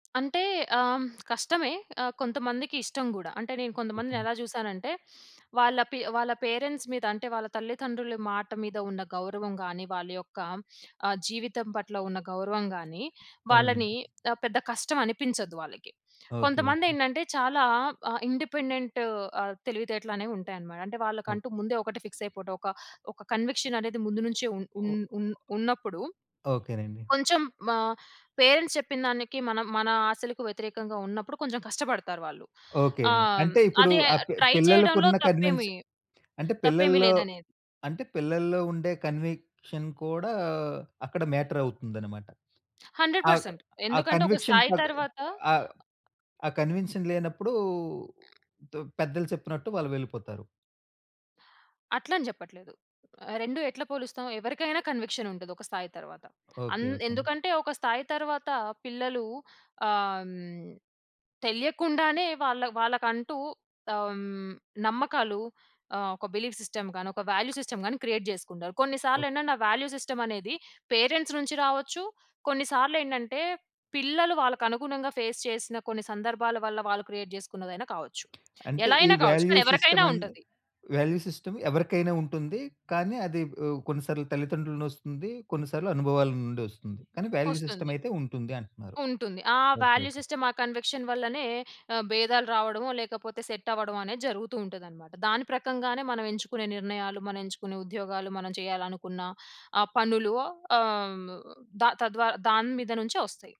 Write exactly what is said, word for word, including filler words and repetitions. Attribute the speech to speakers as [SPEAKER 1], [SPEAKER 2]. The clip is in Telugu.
[SPEAKER 1] అంటే ఆహ్, కష్టమే. ఆహ్, కొంతమందికి ఇష్టం గూడా. అంటే నేను
[SPEAKER 2] ఓకే.
[SPEAKER 1] కొంతమందిని ఎలా జూసానంటే, వాళ్ళ పీ వాళ్ళ పేరెంట్స్ మీద అంటే వాళ్ళ తల్లిదండ్రుల మాట మీద ఉన్న గౌరవం గాని, వాళ్ళ యొక్క ఆహ్, జీవితం పట్ల ఉన్న గౌరవం గాని, వాళ్ళని
[SPEAKER 2] అవునండి.
[SPEAKER 1] ఆహ్, పెద్ద కష్టమనిపించదు వాళ్ళకి.
[SPEAKER 2] ఓకే. ఓకే.
[SPEAKER 1] కొంతమందేంటంటే చాలా ఆహ్, ఇండిపెండెంట్ ఆహ్, తెలివితేటలనేవి ఉంటాయన్నమాట. అంటే
[SPEAKER 2] ఓహ్!
[SPEAKER 1] వాళ్ళకంటూ ముందే ఒకటే ఫిక్స్ అయిపోవడం. ఒక
[SPEAKER 2] అ
[SPEAKER 1] ఒక కన్విక్షన్ అనేది ముందు నుంచే ఉన్ ఉన్
[SPEAKER 2] ఓ
[SPEAKER 1] ఉన్ ఉన్నప్పుడు
[SPEAKER 2] ఓకేనండి.
[SPEAKER 1] కొంచెం ఆహ్, పేరెంట్స్ చెప్పిందానికి మనం మన ఆశలకు వ్యతిరేకంగా ఉన్నప్పుడు కొంచెం కష్టపడతారు వాళ్ళు.
[SPEAKER 2] ఓకే.
[SPEAKER 1] ఆహ్, హ్మ్,
[SPEAKER 2] అంటే ఇప్పుడు
[SPEAKER 1] అదే
[SPEAKER 2] ఆ పిల్
[SPEAKER 1] ట్రై చేయడంలో
[SPEAKER 2] పిల్లలకున్న కన్విన్స్
[SPEAKER 1] తప్పేమి
[SPEAKER 2] అంటే
[SPEAKER 1] తప్పేమి
[SPEAKER 2] పిల్లల్లో
[SPEAKER 1] లేదనేది.
[SPEAKER 2] అంటే పిల్లల్లో ఉండే కన్విక్షన్ కూడా, అక్కడ మ్యాటర్ అవుతుందనమాట.
[SPEAKER 1] హండ్రెడ్
[SPEAKER 2] ఆక్
[SPEAKER 1] పర్సెంట్
[SPEAKER 2] ఆ
[SPEAKER 1] ఎందుకంటే ఒక
[SPEAKER 2] కన్విక్షన్
[SPEAKER 1] స్థాయి
[SPEAKER 2] తగ్
[SPEAKER 1] తరువాత అ
[SPEAKER 2] ఆహ్, ఆ కన్విక్షన్ లేనప్పుడు ద పెద్దలు చెప్పినట్టు వాళ్ళు వెళ్ళిపోతారు.
[SPEAKER 1] అట్లని చెప్పట్లేదు. రెండు ఎట్లా పోలుస్తాం. ఎవరికైనా కన్విక్షన్ ఉంటది ఒక స్థాయి తరువాత.
[SPEAKER 2] ఓకే.
[SPEAKER 1] అన్
[SPEAKER 2] ఓకే అండి.
[SPEAKER 1] ఎందుకంటే, ఒక స్థాయి తరువాత పిల్లలు ఆహ్, హ్మ్, తెలియకుండానే వాళ్ళ వాళ్ళకంటూ ఆహ్, హ్మ్. నమ్మకాలు ఆహ్, ఒక బిలీవ్ సిస్టమ్ గాని, ఒక వాల్యూ సిస్టమ్ గాని, క్రియేట్ చేసుకుంటారు.
[SPEAKER 2] ఓహ్!
[SPEAKER 1] కొన్నిసార్లేంటంటే ఆ వాల్యూ సిస్టమనేది పేరెంట్స్ నుంచి రావచ్చు, కొన్నిసార్లేంటంటే పిల్లలు వాళ్ళకి అనుగుణంగా ఫేస్ చేసిన కొన్ని సందర్భాల వల్ల వాళ్ళు క్రియేట్ చేసుకున్నదైనా కావచ్చు.
[SPEAKER 2] అంటే,
[SPEAKER 1] ఎలా
[SPEAKER 2] ఈ
[SPEAKER 1] అయినా కావచ్చు.
[SPEAKER 2] వాల్యూ
[SPEAKER 1] మరీ
[SPEAKER 2] సిస్టమ్
[SPEAKER 1] ఎవరికైనా
[SPEAKER 2] అండ్
[SPEAKER 1] ఉంటది.
[SPEAKER 2] వాల్యూ సిస్టమ్ ఎవరికైనా ఉంటుంది. కానీ, అది ఆహ్, కొన్నిసార్లు తల్లిదండ్రులనొస్తుంది. కొన్నిసార్లు అనుభవాలనుండొస్తుంది. కానీ, వాల్యూ
[SPEAKER 1] ఒస్తుంది.
[SPEAKER 2] సిస్టమయితే ఉంటుంది అంటున్నారు.
[SPEAKER 1] ఉంటుంది. ఆ
[SPEAKER 2] ఓకే.
[SPEAKER 1] Value
[SPEAKER 2] okay.
[SPEAKER 1] సిస్టమ్, ఆ కన్విక్షన్ వల్లనే ఆహ్, భేదాలు రావడమో లేకపోతే సెట్ అవ్వడమనేది జరుగుతూ ఉంటదన్నమాట. దాని ప్రకంగానే మనం ఎంచుకునే నిర్ణయాలు, మనం ఎంచుకునే ఉద్యోగాలు, మనం చేయాలనుకున్న ఆ పనులు ఆహ్, హ్మ్, ద తద్వారా దాని మీద నుంచే వస్తాయి.